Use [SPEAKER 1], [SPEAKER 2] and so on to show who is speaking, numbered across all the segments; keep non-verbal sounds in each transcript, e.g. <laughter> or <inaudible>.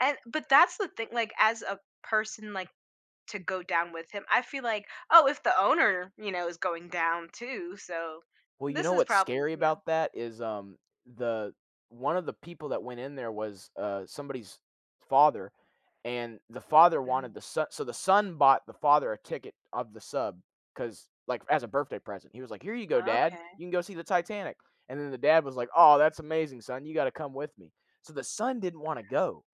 [SPEAKER 1] And, but that's the thing, like, as a person, like, to go down with him, I feel like, "Oh, if the owner, you know, is going down, too, so
[SPEAKER 2] Well, you
[SPEAKER 1] this
[SPEAKER 2] know
[SPEAKER 1] is
[SPEAKER 2] what's
[SPEAKER 1] probably,
[SPEAKER 2] scary
[SPEAKER 1] you know"
[SPEAKER 2] about that? Is, um, the one of the people that went in there was, uh, somebody's father and the father
[SPEAKER 1] Mhm.
[SPEAKER 2] wanted the so so, the son bought the father a ticket of the sub 'cause like, as a birthday present, he was like, "Here you go dad
[SPEAKER 1] Okay.
[SPEAKER 2] you can go see the Titanic," and then the dad was like, "Aw that's amazing son, you gotta come with me," so the son didn't wanna go,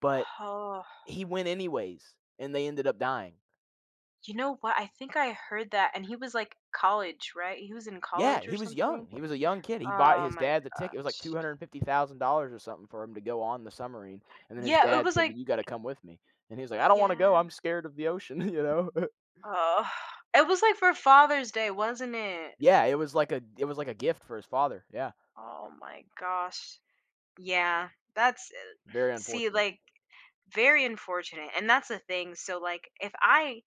[SPEAKER 2] but
[SPEAKER 1] Oh.
[SPEAKER 2] he went anyways, and they ended up dying.
[SPEAKER 1] You know what? I think I heard that, and he was, like, college, right? He was in
[SPEAKER 2] Yeah,
[SPEAKER 1] college or
[SPEAKER 2] he was
[SPEAKER 1] something.
[SPEAKER 2] young, he was a young kid, he bought
[SPEAKER 1] Oh
[SPEAKER 2] his
[SPEAKER 1] my
[SPEAKER 2] dad the ticket, it was like two
[SPEAKER 1] gosh.
[SPEAKER 2] hundred and fifty thousand dollars or something for him to go on the submarine, and then his
[SPEAKER 1] Yeah, it
[SPEAKER 2] dad
[SPEAKER 1] was
[SPEAKER 2] said,
[SPEAKER 1] like
[SPEAKER 2] "But you gotta come with me," and he was like, "I don't wanna
[SPEAKER 1] Yeah.
[SPEAKER 2] go, I'm scared of the ocean, you know. <chuckles>
[SPEAKER 1] Ugh, it was like for Father's Day, wasn't it?
[SPEAKER 2] Yeah, it was like a it was like a gift for his father, yeah.
[SPEAKER 1] Oh my gosh. Yeah. That's e
[SPEAKER 2] Very
[SPEAKER 1] see,
[SPEAKER 2] unfortunate.
[SPEAKER 1] like Very unfortunate, and that's the thing, so, like, if I,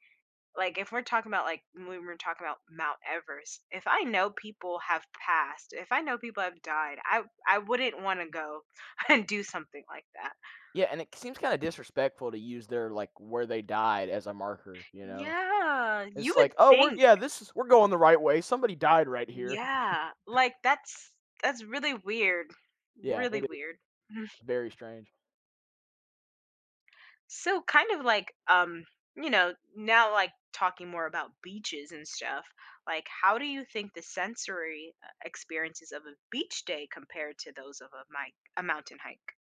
[SPEAKER 1] like if we're talking about like when we're talking about Mount Everest, if I know people have passed, if I know people have died, I I wouldn't wanna go and do something like that.
[SPEAKER 2] Yeah, and it seems kinda disrespectful to use their like, where they died as a marker, you know?
[SPEAKER 1] Yeah, you
[SPEAKER 2] It's
[SPEAKER 1] would
[SPEAKER 2] like, "Oh, we're
[SPEAKER 1] think.
[SPEAKER 2] yeah, this is we're going the right way, somebody died right here." <chuckles>
[SPEAKER 1] Yeah, like, that's that's really weird,
[SPEAKER 2] Yeah,
[SPEAKER 1] really
[SPEAKER 2] it is
[SPEAKER 1] weird. Mhm.
[SPEAKER 2] very strange.
[SPEAKER 1] So, kind of, like, um, you know, now, like, talking more about beaches and stuff, like, how do you think the sensory, uh, experiences of a beach day compared to those of a mic a mountain hike?